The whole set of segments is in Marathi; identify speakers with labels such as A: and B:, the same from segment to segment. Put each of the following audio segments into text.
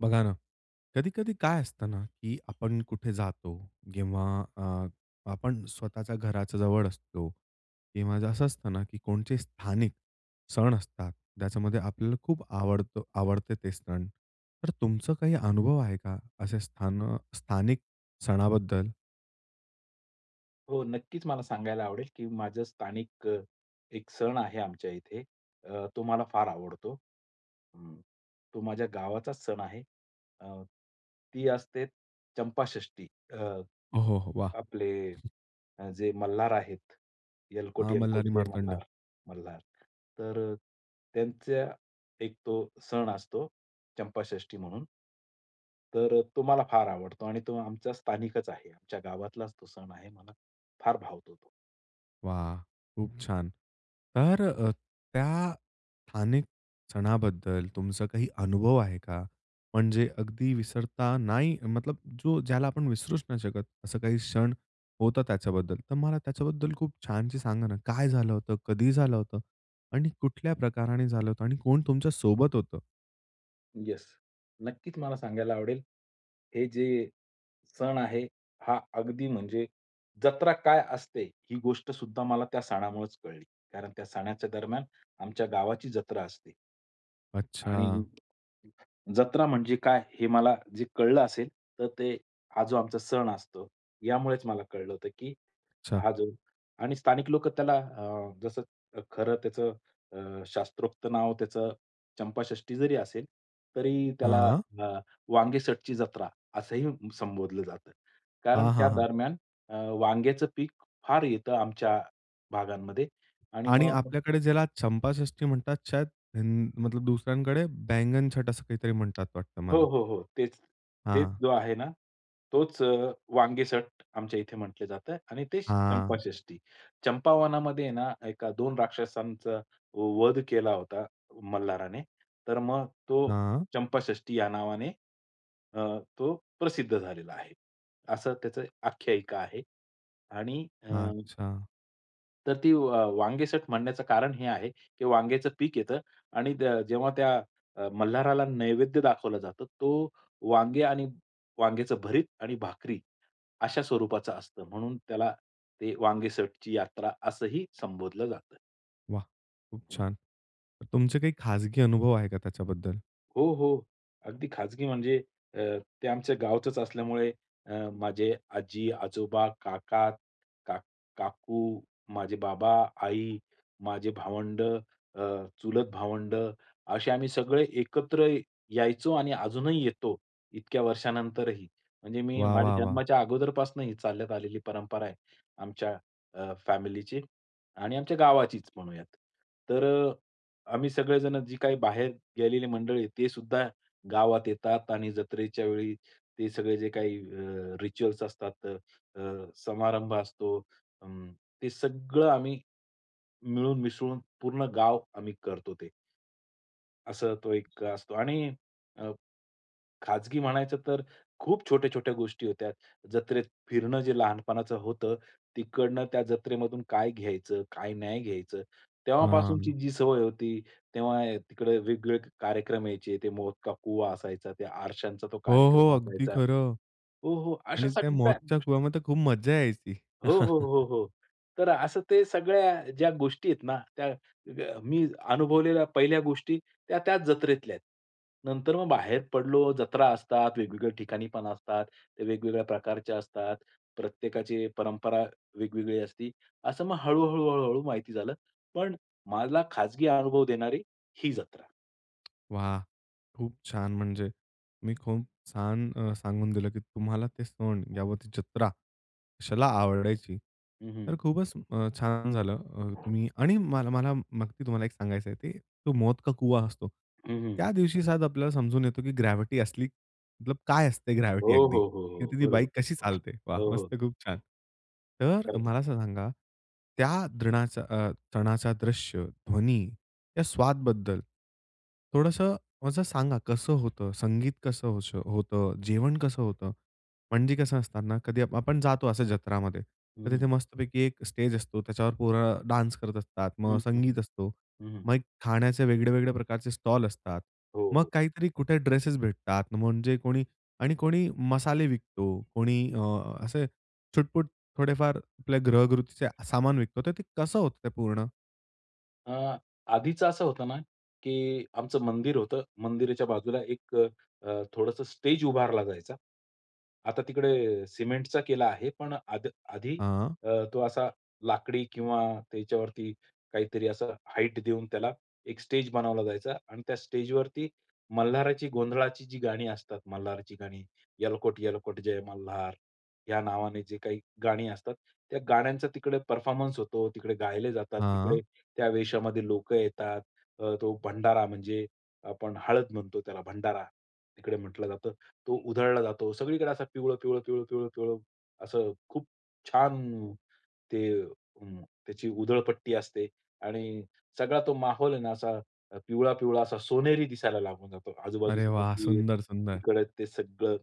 A: बघा ना, कधी-कधी काय असतं ना, की आपण कुठे जातो किंवा अ, आपण स्वतःच्या घराच्या जवळ असतो किंवा असं असतं ना, की कोणचे स्थानिक सण असतात. त्याच्यामध्ये आपल्याला खूप आवडत आवडते ते सण. तर तुमचं काही अनुभव आहे का असे स्थान स्थानिक सणाबद्दल?
B: हो, नक्कीच मला सांगायला आवडेल, की माझं स्थानिक एक सण आहे आमच्या इथे अ, तो मला फार आवडतो. हं. तो माझ्या गावाचाच सण आहे. अं, ती असते चंपाषष्ठी अ,
A: हो, हो, वाह!
B: आपले अ, जे मल्हार आहेत, येळकोट,
A: हां,
B: येळकोट
A: मल्हारी
B: जय
A: मार्तंड.
B: मल्हार. मल्हार, तर त्यांचा एक तो सण असतो चंपाषष्ठी म्हणून. तर तो मला फार आवडतो आणि तो आमचा स्थानिकच आहे. आमच्या गावातलाच तो सण आहे. मला फार भावतो तो.
A: वाह. खूप छान. तर अ, त्या स्थानिक सणाबद्दल तुमचा काही अनुभव आहे का? म्हणजे अगदी विसरता नाही मतलब जो ज्याला आपण विसरूच नाही शकत, असं काही क्षण होता त्याच्याबद्दल तर मला त्याच्याबद्दल खूप छानशी सांगा ना, काय झालं होतं? कधी झालं होतं? आणि कुठल्या प्रकाराने झालं होतं आणि कोण तुमच्या सोबत होतं?
B: येस. नक्कीच मला सांगायला आवडेल. हे जे सण आहे हा अगदी म्हणजे जत्रा काय असते ही गोष्ट सुद्धा मला त्या सणामुळेच कळली. कारण त्या सणाच्या दरम्यान आमच्या गावाची जत्रा असते आणि
A: अच्छा.
B: जत्रा म्हणजे काय हे मला जे कळलं असेल, तर ते हा जो आमचा सण असतो यामुळेच मला कळलं होतं की
A: अच्छा.
B: हा जो आणि स्थानिक लोक त्याला अ, जसं खरं त्याचं अ, शास्त्रोक्त नाव त्याचं चंपाषष्ठी जरी असेल, तरी त्याला
A: हां.
B: अ, वांगेसटची जत्रा असंही संबोधलं जातं. कारण
A: हां,
B: त्या
A: हां, हां.
B: दरम्यान अ, वांग्याचं पीक फार येतं आमच्या भागांमध्ये आणि
A: आणि
B: मग
A: आपल्याकडे ज्याला चंपाषष्ठी म्हणतात छट, म मतलब दुसऱ्यांकडे बैंगन छट असं काहीतरी म्हणतात वाटतं
B: हो,
A: मला.
B: हो, हो. तेच तेच
A: हां.
B: जो आहे ना तोच अ, वांगेसट आमच्या इथे म्हटलं जातं आणि तेच
A: हां.
B: चंपाषष्ठी. चंपावनामध्ये ना एका दोन राक्षसांचा वध केला होता, मल्हाराने, तर मग तो
A: हां.
B: चंपाषष्ठी या नावाने अ, तो प्रसिद्ध झालेला आहे. असं त्याचं आख्यायिका आहे आणि अ,
A: अच्छा.
B: तर ती अ, वांगेसट म्हणण्याचं कारण हे आहे की, वांगेचं पीक येतं आणि द जेव्हा त्या अ, मल्हाराला नैवेद्य दाखवलं जातं, तो वांगे आणि वांग्याचं भरीत आणि भाकरी अशा स्वरूपाचा असतं म्हणून त्याला ते वांगेसटची यात्रा असंही संबोधलं जातं.
A: वाह! खूप
B: हं.
A: छान! तर तुमचे काही खाजगी अनुभव आहे का त्याच्याबद्दल?
B: हो, हो, अगदी खाजगी म्हणजे अ, ते आमच्या गावचच असल्यामुळे, अ, माझे आजी, आजोबा, काका, काक काकू, माझे बाबा, आई, माझे भावंड, अ, चुलत भावंड असे आम्ही सगळे एकत्र यायचो आणि अजूनही येतो, इतक्या वर्षानंतरही. म्हणजे मी
A: वाह! वाह!
B: माझ्या
A: वाह!
B: जन्माच्या अगोदरपासून ही चालत आलेली परंपरा आहे. अ, आमच्या फॅमिलीची आणि आमच्या गावाचीच म्हणूयात. तर अ, आम्ही सगळेजण जे काही बाहेर गेलेली मंडळी आहेत तेसुद्धा गावात येतात आणि जत्रेच्या वेळी ते सगळे जे काही अ, रिच्युअल्स असतात, अ, समारंभ असतो, अं, ते सगळं आम्ही, मिळून मिसळून पूर्ण गाव आम्ही करतो ते. असं तो एक असतो आणि अ, खाजगी म्हणायचं तर खूप छोट्या-छोट्या गोष्टी होत्या. जत्रेत फिरणं जे लहानपणाचं होतं, तिकडनं त्या जत्रेमधून काय घ्यायचं, काय नाही घ्यायचं तेव्हापासूनची
A: हां.
B: जी सवय होती, तेव्हा, अ, तिकडे वेगवेगळे कार्यक्रम यायचे, ते मौत का कुवा असायचा, त्या आरशचा तो
A: हो, हो,
B: कार्यक्रम
A: अगदी
B: असायचा.
A: खरं
B: हो, हो, अशा
A: आणि त्या
B: सगळ्या
A: मौतच्या
B: गोष्टी.
A: कुवामध्ये खूप मज्जा यायची.
B: हो, हो, हो, हो. तर असं ते सगळ्या ज्या गोष्टी आहेत ना, त्या ग मी अनुभवलेल्या पहिल्या गोष्टी त्या त्याच जत्रेतल्या. नंतर मग बाहेर पडलो, जत्रा असतात, वेगवेगळ्या ठिकाणी पण असतात, ते वेगवेगळ्या प्रकारच्या असतात. प्रत्येकाची परंपरा वेगवेगळी असते. असं मग हळू-हळू, हळू-हळू माहिती झालं. पण मला खाजगी अनुभव देणारी ही जत्रा.
A: वाह! खूप छान! म्हणजे तुम्ही खूप छान, अ, सांगून दिलं की तुम्हाला ते सण [unintelligible] जत्रा कशाला
B: हं,
A: आवडायची.
B: हं, हं.
A: तर खूपच, अ, छान झालं, अ, तुम्ही आणि मला मला मग मी तुम्हाला एक सांगायचंय ते, तो मौत का कुवा असतो.
B: हं, हं.
A: त्या दिवशी शायद आपल्याला समजून येतो की ग्रॅव्हिटी असली मतलब काय असते
B: हो,
A: ग्रॅव्हिटी अगदी,
B: हो, हो, हो.
A: तिथे ती
B: बरोबर.
A: बाईक कशी चालते, वाह!
B: हो, हो.
A: मस्त खूप छान! तर
B: खरचं.
A: मला असं सांगा, त्या द्रनाचा, अ, सणाचा दृश्य, ध्वनी या स्वाद बद्दल थोडंसं असं सांगा कसं होतं? संगीत कसं अश होतं? अ, जेवण कसं होतं? म्हणजे कसं असत ना कधी आप आपण जातो असं जत्रामध्ये. तर
B: हं,
A: तिथे
B: हं.
A: मस्तपैकी एक स्टेज असतो त्याच्यावर पोरं डान्स करत असतात, मग
B: हं, हं,
A: संगीत
B: हं,
A: असतो.
B: हं, हं.
A: मग एक खाण्याचे वेगळे-वेगळे प्रकारचे स्टॉल असतात.
B: हो,
A: मग
B: हो.
A: काहीतरी कुठे ड्रेसस भेटतात म्हणजे कोणी आणि कोणी मसाले विकतो, कोणी, अ,
B: हं.
A: असे छुटपूट थोडेफार आपल्या ग्रहगृतीचे सामान विकतात. तर ते कसं होतं ते पूर्ण?
B: अं, आधीच असं होतं ना, की आमचं मंदिर होतं, मंदिराच्या बाजूला एक अ, थोडंसं स्टेज उभारला जायचा. आता तिकडे सिमेंटचा केला आहे, पण आध आधी
A: हां
B: अ, तो असा लाकडी किंवा त्याच्यावरती काहीतरी असा हाईट देऊन त्याला एक स्टेज बनवला जायचा आणि त्या स्टेजवरती मल्हाराची गोंधळाची जी गाणी असतात, मल्हाराची गाणी, "येळकोट-येळकोट जय मल्हार" या नावाने जे काही गाणी असतात. त्या गाण्यांचा तिकडे परफॉर्मन्स होतो, तिकडे गायले जातात. तिकडे
A: हां.
B: त्या वेशामध्ये लोकं येतात. अ, तो भंडारा म्हणजे आपण हळद म्हणतो, त्याला भंडारा तिकडे म्हटलं जातं. तो उधळला जातो. सगळीकडे असा पिवळं-पिवळं, पिवळं-पिवळं, पिवळं असं खूप छान, ते त्याची अं, उधळपट्टी असते आणि सगळा तो माहौल आहे ना, असा पिवळा-पिवळा असा सोनेरी दिसायला लागून जातो.
A: अरे
B: आजूबाजूचे
A: वाह!
B: मंदिर,
A: सुंदर, सुंदर.
B: तिकडे ते सगळं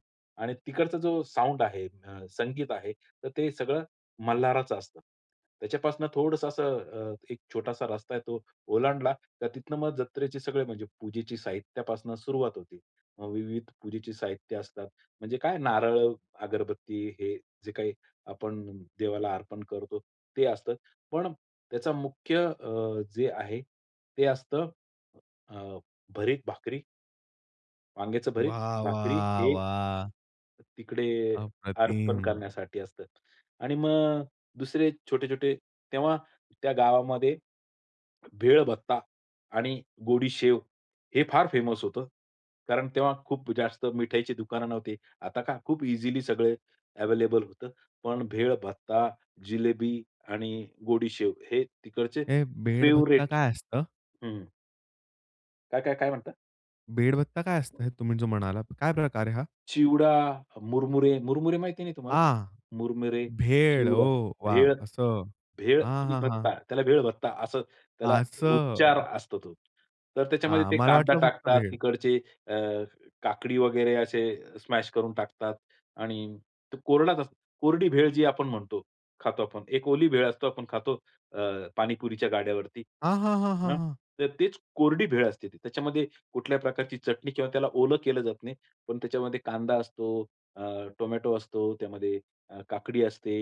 B: आणि तिकडचा जो साउंड आहे, अ, संगीत आहे, तर ते सगळं मल्हाराचं असतं. त्याच्यापासून थोडंसं अ, असं एक छोटासा रस्ता आहे. तो ओलांडला तर तिथनं मग जत्रेचे सगळे म्हणजे पूजेची साहित्यापासून सुरुवात होते. विविध पूजेचे साहित्य असतात. म्हणजे काय, नारळ, अगरबत्ती हे जे काही आपण देवाला अर्पण करतो, ते असतात. पण त्याचा मुख्य अ, जे आहे ते असतं अ, भरीत भाकरी वांग्याचं भरीत,
A: वाह,
B: भाकरी
A: वाह,
B: हे
A: वाह!
B: तिकडे अर्पण
A: अप्रतिम.
B: करण्यासाठी असतात. आणि मग दुसरे छोटे-छोटे तेव्हा त्या गावामध्ये, भेळ भत्ता आणि गोडी शेव हे फार फेमस होतं. कारण तेव्हा खूप जास्त मिठाईची दुकानं नव्हती. आता काय खूप इझिली सगळे अवेलेबल होतं. पण भेळ भत्ता, जिलेबी आणि गोडी शेव हे तिकडचे
A: हे भेळ भत्ता
B: फेवरेट.
A: काय असतं?
B: हं. काय, काय, काय म्हणता?
A: भेळ भत्ता काय असतं हे तुम्ही जो म्हणालात, काय प्रकार आहे हा?
B: चिवडा, मुरमुरे मुरमुरे माहिती नाही तुम्हाला?
A: आ.
B: मुरमुरे,
A: भेळ ओ
B: चिवडा,
A: वा
B: भेळ
A: असं.
B: भेळ
A: हां,
B: आणि
A: हां, हां.
B: भत्ता त्याला भेळभत्ता असं त्याला उच्चार
A: असं.
B: असतो तो. तर त्याच्यामध्ये
A: हां.
B: ते
A: मला
B: कांदा
A: वाटलं फक्त
B: टाकतात,
A: भेळ.
B: तिकडचे अ, काकडी वगैरे असे स्मॅश करून टाकतात आणि ते कोरडाच असतं कोरडी भेळ जी आपण म्हणतो, खातो आपण. एक ओली भेळ असतो आपण खातो अ, पाणीपुरीच्या गाड्यावरती.
A: हां, हां, हां, हां,
B: हां,
A: हां.
B: तर तेच कोरडी भेळ असते त्याच्यामध्ये कुठल्याही प्रकारची चटणी किंवा त्याला ओलं केलं जात नाही. पण त्याच्यामध्ये कांदा असतो, अ, टोमॅटो असतो, त्यामध्ये अ, काकडी असते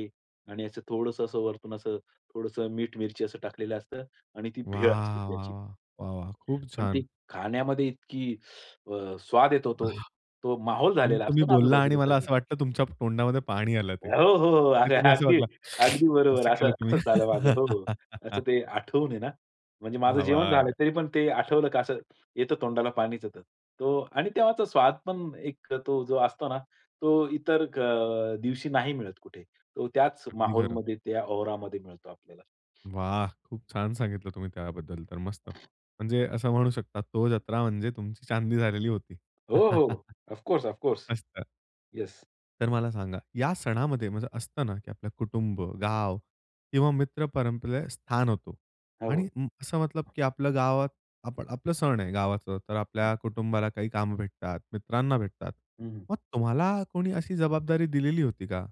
B: आणि असं थोडंसं असं वरतून असं थोडंसं मीठ मिरची असं टाकलेलं असतं आणि ती भेळ असते
A: वाह,
B: ती
A: वाह,
B: अशी.
A: वाह, वाह, वाह! खूप
B: पण ती
A: छान.
B: खाण्यामध्ये इतकी अ, स्वाद येतो तो,
A: अहा!
B: तो माहौल
A: तुम
B: झालेला
A: तुम्ही
B: असतो ना
A: बोलला आणि
B: आजूबाजूला
A: मला
B: सगळं.
A: असं वाटलं तुमच्या तोंडामध्ये पाणी आलं ते.
B: हो, हो, हो,
A: ते
B: अरे,
A: तुम्ही असं
B: अगदी,
A: वागला
B: अगदी बरोबर
A: असं
B: असं
A: केलं तुम्ही.
B: असंच झालं माझं असं ते आठवून आहे ना. म्हणजे माझं
A: हवं
B: जेवण झालं
A: आहे.
B: तरी पण ते आठवलं का असं येतं तोंडाला पाणीचं येत. तो आणि तेव्हाचा स्वाद पण एक तो जो असतो ना तो इतर अ, दिवशी नाही मिळत कुठे. तो त्याच
A: अगदी
B: माहौल
A: खरं.
B: मध्ये त्या औरामध्ये मिळतो आपल्याला.
A: वाह! खूप छान सांगितलं तुम्ही त्याबद्दल तर मस्त. म्हणजे असं म्हणू शकता तो जत्रा म्हणजे तुमची चांदी झालेली होती.
B: हो, हो, हो. Of course, of course.
A: मस्त.
B: येस.
A: तर मला सांगा. या सणामध्ये म्हणजे असतं ना की आपलं कुटुंब, गाव किंवा मित्र परंपरेत स्थान होतो.
B: हो.
A: आणि उं, असं मतलब की आपलं गावात आपलं आपलं सण आहे गावाचं. तर
B: हं.
A: आपल्या कुटुंबाला काही कामं भेटतात, मित्रांना भेटतात.
B: हं, हं.
A: मग तुम्हाला कोणी अशी जबाबदारी दिलेली होती का?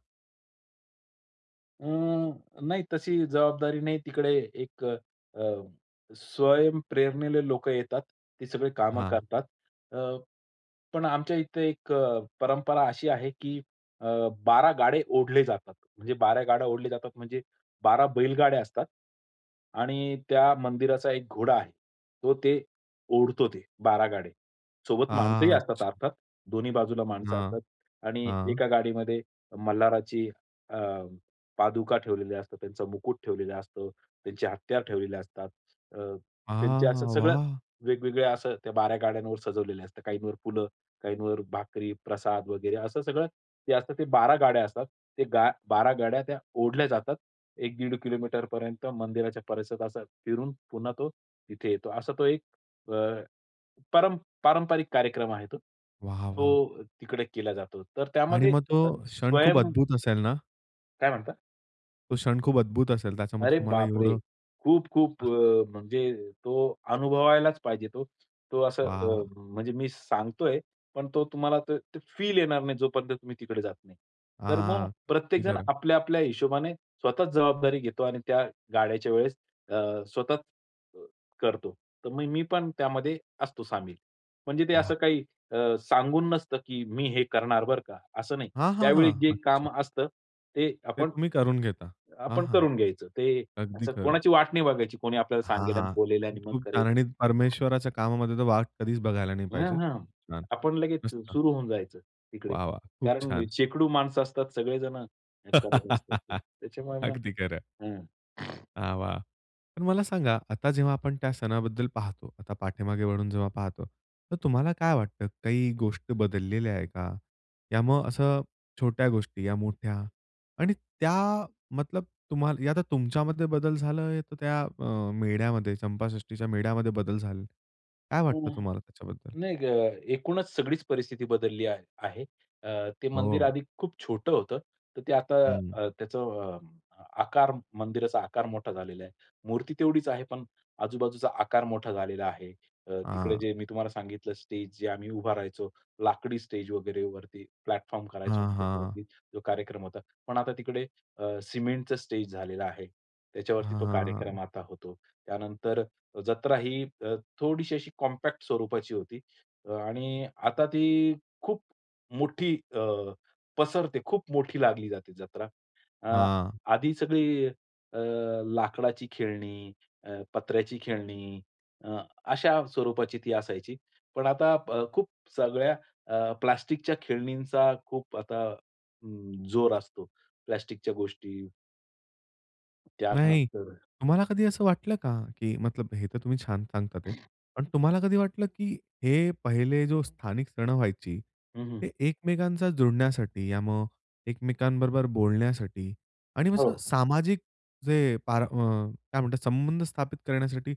B: अं, नाही तशी जबाबदारी नाही. तिकडे एक अ, स्वयंप्रेरणेने लोकं येतात. ते सगळे कामं
A: हां.
B: करतात. अ, पण आमच्या इथे एक परंपरा अशी आहे की अ, 12 गाडे ओढले जातात. म्हणजे 12 गाड्या ओढले जातात, म्हणजे 12 बैलगाड्या असतात. आणि त्या मंदिराचा एक घोडा आहे, तो ते ओढतो ते 12 गाडे. सोबत माणसंही असतात
A: अच्छा!
B: अर्थात. दोन्ही बाजूला माणसं
A: हां.
B: असतात. आणि
A: हां.
B: एका गाडीमध्ये मल्हाराची अ, पादुका ठेवलेल्या असतात, त्यांचा मुकूट ठेवलेलं असतं, त्यांची हत्यार ठेवलेले असतात. अ, त्यांचे असं
A: आह!
B: सगळं
A: वाह!
B: वेगवेगळ्या असं त्या 12 गाड्यांवर सजवलेले असतात. काहींवर फुलं, काहींवर भाकरी, प्रसाद वगैरे असं सगळं ते असतात ते 12 गाड्या असतात. ते गा 12 गाड्या त्या ओढल्या जातात. 1 दीड किलोमीटर पर मंदिराच्या परिसरात फिरून पुन्हा तो तिथे येतो. असा तो एक अ, पर पारंपरिक कार्यक्रम आहे तो.
A: वाह, वाह!
B: तो तिकडे केला जातो. तर
A: आणि
B: त्यामध्ये
A: मग तो
B: अ,
A: क्षण खूप
B: स्वयं
A: अद्भुत असेल ना?
B: काय म्हणता?
A: तो क्षण खूप अद्भुत असेल. त्याच्यामध्ये
B: अरे
A: तुम्हाला
B: बापरे!
A: एवढं
B: खूप-खूप
A: हां.
B: अ, म्हणजे तो अनुभवायलाच पाहिजे तो. तो असं अ,
A: वा! वा!
B: म्हणजे मी सांगतोय, पण तो तुम्हाला ते ते फील येणार नाही, जोपर्यंत तुम्ही तिकडे जात नाही. तर मग
A: हां. ते
B: प्रत्येकजण
A: खरं.
B: आपल्या-आपल्या हिशोबाने स्वतःचं जबाबदारी घेतो आणि त्या गाड्याच्या वेळेस अ, स्वतःचं अ, करतो. तर मग मी पण त्यामध्ये असतो सामील. म्हणजे ते
A: वाह!
B: असं काही अ, सांगून नसतं, की मी हे करणार बरं का, असं नाही.
A: हां, हां,
B: त्यावेळी जे
A: हां. अच्छा.
B: काम असतं, ते
A: ते
B: आपण,
A: तुम्ही करून घेता. हां,
B: आपण
A: हां.
B: करून घ्यायचं. ते
A: अगदी
B: असं
A: खरं.
B: कोणाची वाट नाही बघायची, कोणी आपल्याला
A: हां,
B: सांगेल आणि
A: हां.
B: बोलेल आणि मग
A: खूप
B: करेल.
A: छान आणि परमेश्वराच्या कामामध्ये तर वाट कधीचं बघायला नाही
B: हां,
A: पाहिजे.
B: हां.
A: छान,
B: आपण लगेच अ,
A: मस्त.
B: सुरू होऊन जायचं तिकडे.
A: वाह, वाह! खूप
B: कारण वि
A: छान.
B: शेकडो माणसं असतात, सगळेजण हे करत असतात ते. त्याच्यामुळे मग
A: अगदी खरं.
B: हां.
A: हां, वा. पण मला सांगा, आता जेव्हा आपण त्या सणाबद्दल पाहतो. आता पाठीमागे वळून जेव्हा पाहतो, तर तुम्हाला काय वाटतं? काही गोष्टी बदललेल्या आहेत का? या मग असं छोट्या गोष्टी या मोठ्या आणि त्या मतलब तुम्हाला आता तुमच्यामध्ये बदल झालाय, तर त्या अ, मेढ्यामध्ये चंपाषष्ठीच्या मेढ्यामध्ये बदल झाले. काय
B: हो.
A: वाटतं तुम्हाला त्याच्याबद्दल?
B: नाही ग, एकूणच सगळीच परिस्थिती बदलली आहे आहे. अ, ते मंदिर
A: हो.
B: आधी खूप छोटं होतं. तर ते आता
A: हं.
B: अ, त्याचा अ, आकार, मंदिराचा आकार मोठा झालेला आहे. मूर्ती तेवढीच आहे. पण आजूबाजूचा आकार मोठा झालेला आहे. अ, तिकडे
A: हां.
B: जे मी तुम्हाला सांगितलं, स्टेज जे आम्ही उभा राहायचो, लाकडी स्टेज वगैरे वरती, प्लॅटफॉर्म करायचो
A: हां,
B: आम्ही
A: हां.
B: त्याच्यावरती जो कार्यक्रम होता. पण आता तिकडे अ, सिमेंटचं स्टेज झालेलं आहे. त्याच्यावरती
A: हां,
B: तो कार्यक्रम
A: हां.
B: आता होतो. त्यानंतर जत्रा ही अ, थोडीशी अशी कॉम्पॅक्ट स्वरूपाची होती. अ, आणि आता ती खूप मोठी अ, पसरते. खूप मोठी लागली जाते जत्रा. अ,
A: हां.
B: आधी सगळी अ, लाकडाची खेळणी, अ, पत्र्याची खेळणी अ, अशा स्वरूपाची ती असायची. पण आता प खूप सगळ्या अ, प्लास्टिकच्या खेळणींचा खूप आता अं, जोर असतो. प्लास्टिकच्या गोष्टी
A: नाही.
B: त्यानंतर.
A: तुम्हाला कधी असं वाटलं का? की मतलब हे तर तुम्ही छान सांगतात आहेत. ते पण तुम्हाला कधी वाटलं, की हे पहिले जो स्थानिक सणं व्हायची.
B: हं, हं.
A: ते एकमेकांचा जोडण्यासाठी या मग एकमेकांबरोबर बोलण्यासाठी. आणि
B: हो.
A: असं, सामाजिक जे पारं, मग काय म्हणतात संबंध स्थापित करण्यासाठी.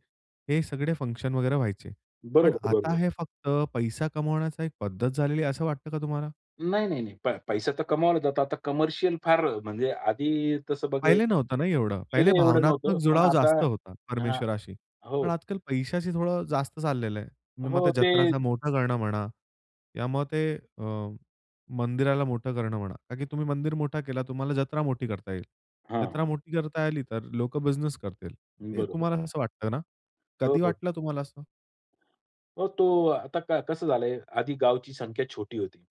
A: हे सगळे फंक्शन वगैरे व्हायचे. पण
B: बरोबर,
A: आता
B: बरोबर.
A: हे फक्त पैसा कमावण्याची एक पद्धत झालेली आहे असं वाटतं का तुम्हाला?
B: नाही, नाही, नाही. पै पैसा तर कमावला जातो. आता कमर्शियल फार म्हणजे आधी तसं बघ
A: पहिले नव्हतं ना एवढं, पहिले
B: पाहीले एवढं
A: भावनात्मक
B: नव्हतं. पण
A: जुळाव
B: आता
A: जास्त होता
B: हां.
A: परमेश्वराशी. पण
B: हो.
A: आज काल पैशाशी थोडं जास्त चाललेलं आहे. तुम्ही मग ते
B: हो, ते
A: जत्राचा मोठा करणं म्हणा. त्यामुळे ते अ, मंदिराला मोठं करणं म्हणा, कारण की तुम्ही मंदिर मोठा केला, तुम्हाला जत्रा मोठी करता येईल.
B: हां,
A: जत्रा
B: हां.
A: मोठी करता आली तर लोकं बिझनेस करतील. ते
B: बरोबर.
A: तुम्हाला असं वाटतं ना?
B: हो,
A: कधी
B: हो.
A: वाटलं तुम्हाला असं?
B: हो तो, आता कसं झालं आहे, आधी गावची संख्या छोटी होती.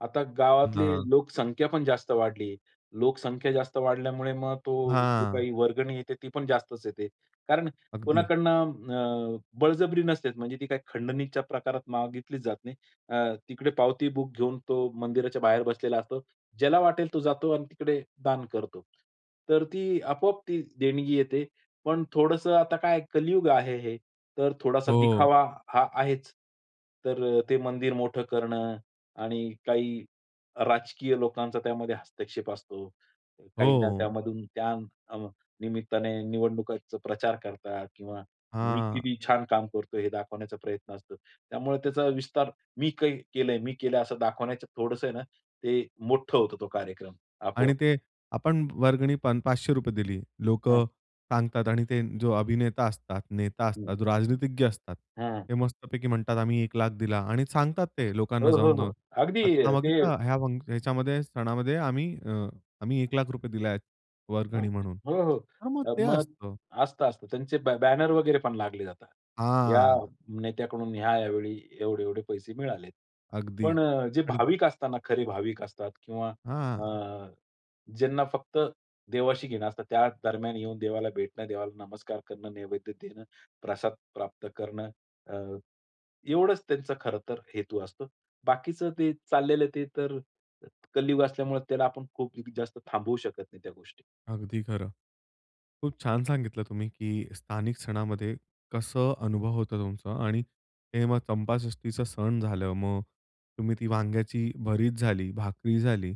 B: आता गावातली
A: ना.
B: लोकसंख्या पण जास्त वाढली आहे. लोकसंख्या जास्त वाढल्यामुळे मग तो जे
A: हां.
B: काही वर्गणी येते ती पण जास्तच येते. कारण
A: अगदी.
B: कोणाकडनं अ, बळजबरी नसतेच म्हणजे ती काही खंडणीच्या प्रकारात मागितलीच जात नाही. अ, तिकडे पावती बुक घेऊन तो मंदिराच्या बाहेर बसलेला असतो. ज्याला वाटेल तो जातो आणि तिकडे दान करतो. तर ती आपोआप ती देणगी येते. पण थोडंसं आता काय कलियुग आहे हे. तर थोडासा
A: हो.
B: दिखावा हा आहेच. तर ते मंदिर मोठं करणं आणि काही राजकीय लोकांचा त्यामध्ये हस्तक्षेप असतो. काहींना
A: हो.
B: त्यामधून त्या अ, निमित्ताने निवडणुकीचा प्रचार करतात किंवा मी
A: हां.
B: किती छान काम करतो हे दाखवण्याचा प्रयत्न असतो. त्यामुळे त्याचा विस्तार मी कै केलंय मी केलं असं दाखवण्याच्या थोडंसं आहे ना, ते मोठं होतं तो कार्यक्रम
A: आणि
B: आपोआप.
A: ते, आपण वर्गणी पण, 500 दिली.
B: हं.
A: लोकं सांगतात आणि ते जो अभिनेता असतात, नेता असतात, जो राजनीतिज्ञ असतात.
B: हां.
A: हे मस्त पैकी म्हणतात, आम्ही 1 लाख दिला आणि सांगतात ते लोकांना
B: हो, हो, हो.
A: जाऊन-जाऊन.
B: अगदी
A: आता
B: ते
A: बघता ह्या फंक् ह्याच्यामध्ये सणामध्ये आम्ही अ, आम्ही 1 लाख रुपये दिले आहेत
B: हो,
A: वर्गणी म्हणून.
B: हो.
A: तर मग ते
B: मग
A: असतं.
B: असतं, असतं. त्यांचे ब बॅनर वगैरे पण लागले जातात. या
A: हां,
B: नेत्याकडून या-या वेळी एवढे-एवढे पैसे मिळाले.
A: अगदी.
B: पण जे
A: आणि.
B: भाविक असताना खरे भाविक असतात किंवा
A: हां.
B: अ, ज्यांना फक्त देवाशी घेणं असतात त्या दरम्यान येऊन देवाला भेटणं, देवाला नमस्कार करणं, नैवेद्य देणं, प्रसाद प्राप्त करणं. अ, एवढंच त्यांचं खरं तर हेतू असतो. बाकीचं ते चाललेलं ते तर, कलयुग असल्यामुळे त्याला आपण खूप जास्त थांबवू शकत नाही त्या गोष्टी.
A: अगदी खरं. खूप छान सांगितलं तुम्ही, की स्थानिक सणामध्ये कसं अनुभव होतं तुमचा. आणि हे मग चंपाषष्टीचं सण झालं मग. तुम्ही ती वांग्याची भरीत झाली, भाकरी झाली.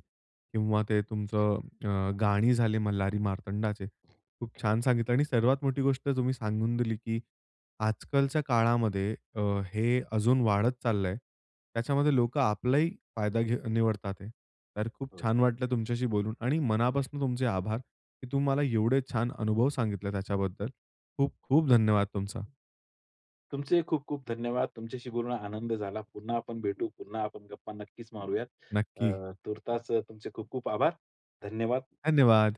A: किंवा ते तुमचं अ, गाणी झाले मल्हारी मार्तंडाचे. खूप छान सांगितलं आणि सर्वात मोठी गोष्ट तुम्ही सांगून दिली, की आज कालच्या काळामध्ये अ, हे अजून वाढत चाललं आहे. त्याच्यामध्ये लोकं आपलाही फायदा घे निवडतात. तर खूप
B: हं.
A: छान वाटलं तुमच्याशी बोलून आणि मनापासून तुमचे आभार. की तुम्ही मला एवढे छान अनुभव सांगितले त्याच्याबद्दल, खूप खूप धन्यवाद तुमचा.
B: हं. तुमचे ही खूप-खूप धन्यवाद. तुमच्याशी बोलून आनंद झाला. पुन्हा आपण भेटू, पुन्हा आपण गप्पा नक्कीच मारूयात.
A: नक्की.
B: अ, तूर्तास तुमचे खूप-खूप आभार. धन्यवाद.
A: धन्यवाद.